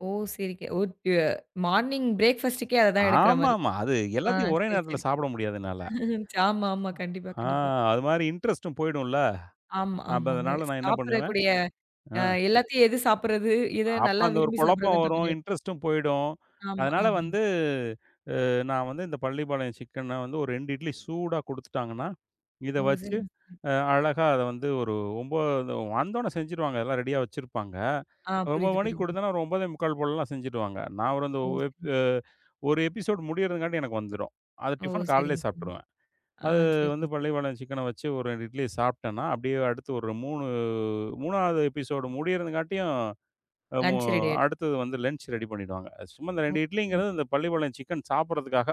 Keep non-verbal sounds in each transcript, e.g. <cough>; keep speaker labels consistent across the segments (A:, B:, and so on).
A: ஓ! சரி. K <unintelligible> morning break ஃபாஸ்ட்கே, அதுதான் எடுக்குற மாரி.
B: ஆமாம்மா, அது
A: ஆ
B: எல்லாத்தையும் ஒரே
A: சரி,
B: நேரத்துல
A: சரி.
B: சாப்பிட முடியாது என்னால. அ.
A: <laughs> ஆமா, ஆமா. கண்டிப்பா,
B: ஆ
A: கண்டிப்பா.
B: அது மாரி இன்ட்ரெஸ்ட்டும் போயிடும்ல்ல.
A: ஆமா,
B: அப்ப
A: ஆமாங்க.
B: அதனால நா என்ன பண்ணுவேன்
A: சாப்பிடக்கூடிய
B: அ.
A: அ எல்லாத்தையும் எது சாப்பிடுறது? எத
B: அப்ப
A: நல்லா
B: அந்த ஒரு
A: விரும்பி
B: குழப்பம்
A: சாப்பிடுறதுன்ற
B: வரும்.
A: மாரியா?
B: இன்ட்ரெஸ்ட்டும் போயிடும்.
A: ஆமா,
B: அதனால
A: ஆமாங்க.
B: வந்து அ நா வந்து இந்தப் பள்ளிப்பாளையம் சிக்கன வந்து ஒரு 2 இட்லி சூடா குடுத்துட்டாங்கன்னா, இத
A: ஓ,
B: வச்சு
A: சரிங்க. <unintelligible>
B: அ அழகா அத வந்து ஒரு 9 அந்த வந்த ஒன்ன செஞ்சிருவாங்க. எல்லாம் ரெடியா வச்சிருப்பாங்க.
A: ஆ
B: ஒரு 9:00
A: புரியுது,
B: மணிக்கு
A: புரியுதுங்க.
B: குடுத்தோன்ன, ஒரு 9:45 போலல்லாம் செஞ்சிருவாங்க. நா ஒரு அந்த
A: ஓ, சரிங்க,
B: 1
A: சரிங்க.
B: எ 1 எபிசோட் முடியறதுங்காட்டி எனக்கு வந்துரும். அது
A: ஓ,
B: டிஃபனு காலையிலே
A: சரிங்க, சரிங்க.
B: சாப்பிட்டுருவேன்.
A: ஆ
B: அது
A: சரிங்க.
B: வந்து பள்ளிப்பாளையம் சிக்கன வச்சு ஒரு 2 இட்லிய சாப்பிட்டேன்னா, அப்படியே அடுத்து ஒரு 3- 3ஆவது எபிசோட் முடியறதுங்காட்டியும், அ மு
A: லஞ்ச் ரெடி ஆயிடும்.
B: அடுத்தது வந்து லஞ்ச் ரெடி பண்ணிடுவாங்க. சும்மா இந்த
A: ஓ!
B: 2 இட்லிங்கிறது,
A: <unintelligible>
B: அந்தப் பள்ளிப்பாளையம் சிக்கன் சாப்பிடுறதுக்காக.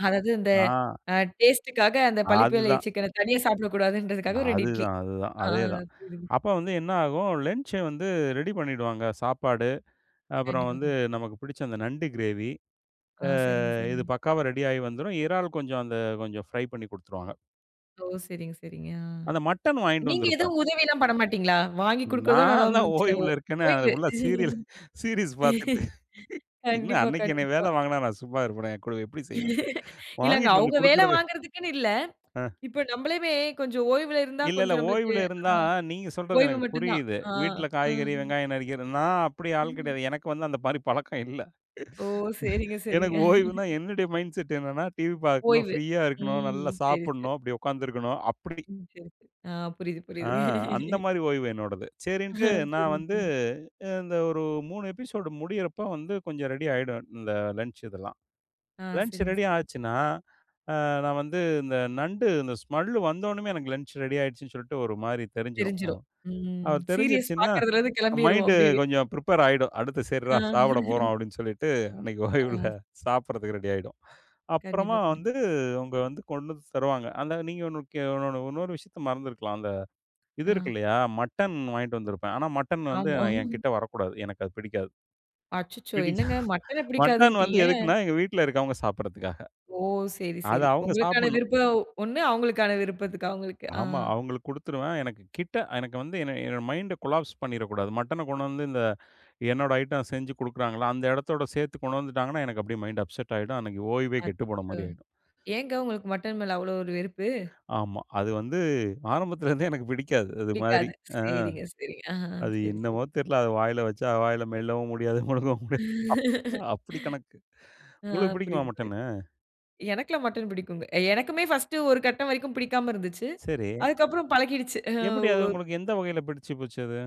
A: அதாவது இந்த
B: ஆ
A: அ டேஸ்ட்டுக்காக, அந்தப் பள்ளிப்பாளைய
B: அதுதான்.
A: சிக்கன தனியா சாப்பிட கூடாதுன்றதுக்காக, 2 இட்லி.
B: அதுதான் அதுதான்,
A: ஆ
B: அதேதான்.
A: புரியுதுங்க.
B: அப்ப வந்து என்ன ஆகும், லஞ்ச்ச வந்து ரெடி பண்ணிடுவாங்க. சாப்பாடு, அப்பறம்
A: கண்டிப்பா,
B: வந்து
A: கண்டிப்
B: நமக்குப் புடிச்ச அந்த நண்டு கிரேவி,
A: ஆ
B: அ
A: சரிங்க,
B: இது
A: சரிங்க.
B: பக்காவா ரெடி ஆயி வந்துரும். இறால் கொஞ்சம், அந்த கொஞ்சம் ஃப்ரை பண்ணி குடுத்துருவாங்க.
A: ஓ, சரிங்க சரிங்க. ஆ.
B: அந்த மட்டன் வாங்கிட்டு
A: நீங்க
B: வந்திருப்பேன்.
A: எதுவும் உதவிலாம் பண்ண மாட்டீங்களா? வாங்கி குடுக்கறதோட அவ்வளோ தான்
B: நால்லாம்
A: முடிஞ்சுச்சு நம்ப
B: ஓய்வுல இருக்கன்னே அத
A: ஓய்வு.
B: ஃபுல்லா சீரியல் சீரிஸ் பாத்துட்டு.
A: <laughs>
B: என்ன
A: கண்டிப்பா,
B: அன்னைக்கு என்னைய
A: கண்டிப்பா.
B: வேல வாங்குனா நா சும்மா இருப்பனா? நா கூட எப்படி செய்வேன்?
A: <laughs> இல்லங்க
B: வாங்கிட்டு வந்து
A: அவுங்க வேல
B: குடுக்கறது
A: வாங்குறதுக்குன்னு இல்ல.
B: அ.
A: இப்ப நம்பளையுமே கொஞ்சம் ஓய்வுல இருந்தா
B: இல்ல, இல்ல
A: கொஞ்சம் நம்பளுக்கு
B: ஓய்வுல
A: ஆ
B: இருந்தா, நீங்க சொல்றது
A: ஓய்வு
B: எனக்கு
A: மட்டுந்தான்.
B: புரியுது.
A: ஆ
B: வீட்டுல காய்கறி,
A: ஆஹ்.
B: வெங்காயம் நறுக்கிறது நா அப்படி ஆள்
A: <unintelligible>
B: கிடையாது. எனக்கு வந்து அந்த மாரி பழக்கம் இல்ல.
A: ஓ
B: <laughs>
A: சரிங்க, சரிங்க.
B: எனக்கு ஓய்வுன்னா,
A: <laughs>
B: என்னுடைய மைண்ட்செட் என்னன்னா டிவி பாக்கணும்,
A: ஓய்வு.
B: ஃப்ரீயா இருக்கணும், நல்லா
A: ம் சரி, ச
B: சாப்புடணும், அப்படி உக்காந்து இருக்கணும், அப்படி.
A: ம் சரி, ச ஆ புரியுது,
B: ஆ
A: புரியுது.
B: அந்த
A: <laughs>
B: மாதிரி ஓய்வு என்னோடது. சரின்னுட்டு,
A: <laughs>
B: நா
A: சரிங்க,
B: வந்து
A: சரிங்க.
B: அ இந்த ஒரு 3 எபிசோட் முடியறப்ப வந்து, கொஞ்சம் ரெடி ஆயிடும். இந்த லஞ்ச் இதெல்லாம்.
A: ஆ
B: லஞ்ச்
A: சரிங்க,
B: ரெடி
A: சரிங்க.
B: ஆச்சுன்னா, அ நா வந்து இந்த நண்டு அந்த ஸ்மெல் வந்த ஒன்னமே, எனக்கு லஞ்ச் ரெடி ஆயிடுச்சுன்னு சொல்ட்டு ஒரு மாதிரி தெரிஞ்சிரும்.
A: தெரிஞ்சுரும்.
B: ம்.
A: ம்
B: அது
A: சீரியஸ்
B: தெரிஞ்சிருச்சுன்னா,
A: பார்க்குறதுலருந்து கெளம்பிருவோம்
B: மைண்டு
A: அப்படியே வீ
B: கொஞ்சம் ப்ரிப்பேர் ஆயிடும். "அடுத்து சரிறா, சாப்பிட போறோம்."
A: <laughs>
B: அப்படீன்னு சொல்லிட்டு, அன்னைக்கு
A: ஆ.
B: ஓய்வுல சாப்பிடறதுக்கு ரெடி ஆயிடும். அப்புறமா
A: கண்டிப்பா, கண்டிப்
B: வந்து அவங்க வந்து கொண்டு வந்து தருவாங்க. அந்த நீங்க ஒண்ணுக்கு இன்னொன்னு இன்னொரு விஷயத்த மறந்து இருக்கலாம். அந்த இது
A: ஆ.
B: இருக்குல்லையா? மட்டன் வாங்கிட்டு வந்திருப்பேன். ஆனா மட்டன் வந்து
A: ஆமா. <laughs>
B: என்கிட்ட வரக் கூடாது. எனக்கு அது பிடிக்காது.
A: அச்சச்சோ!
B: பிடிக்கா
A: என்னங்க மட்டனை
B: மட்டன் வந்து
A: பிடிக்காதுன்ட்டீங்க!
B: எதுக்குன்னா, எங்க வீட்டுல இருக்கவங்க சாப்பிடுறதுக்காக.
A: ஓ! சரி,
B: அத
A: சரி.
B: அவுங்க
A: உங்களுக்கான
B: சாப்பிடணும்.
A: விருப்பம் ஒண்ணு, அவங்களுக்கான விருப்பத்துக்கு அவங்களுக்கு. ஆ.
B: ஆமா. அவுங்களுக்கு குடுத்துருவேன். எனக்குக் கிட்ட எனக்கு வந்து என்ன என்னோட மைண்ட கொலாப்ஸ் பண்ணீற கூடாது. மட்டன கொண்டு வந்து, இந்த என்னோட ஐட்டம் செஞ்சு குடுக்கறாங்கள்ல, அந்த இடத்தோட சேர்த்து கொண்டாந்துட்டாங்கன்னா, எனக்கு அப்படியே மைண்ட் அப்செட் ஆயிடும். அன்னைக்கு ஓய்வே கெட்டுப்போன
A: அச்சச்சோ!
B: மாரி ஆயிடும்.
A: ஏங்க உங்களுக்கு மட்டன் மேல அவ்வளோ ஒரு வெறுப்பு?
B: ஆமா. அது வந்து ஆரம்பத்துலருந்தே எனக்குப் பிடிக்காது, அது மாதிரி.
A: பிடிக்காது.
B: அ.
A: சரிங்க சரிங்க. ஆ, ஆ.
B: அது
A: சரி சரி.
B: என்னவோ தெர்ல. அத வாயில வச்சா, வாயில மெல்லவும் முடியாது, முழுங்கவும் முடியாது. அப்
A: <laughs>
B: அப்படி கணக்கு.
A: ஆ
B: உங்களுக்கு புடிக்குமா
A: புரியுது, புரியுது.
B: மட்டன்னு?
A: எனக்கெல்லாம் மட்டன் பிடிக்கும்ங்க. அ எனக்குமே ஃபர்ஸ்ட் ஒரு கட்டம் வரைக்கும் பிடிக்காம இருந்துச்சு.
B: சரி.
A: அதுக்கப்புறம் பழகிடுச்சு. அ
B: எப்படி அது?
A: ஓ
B: உங்களுக்கு எந்த வகையில பிடிச்சு போச்சு அது?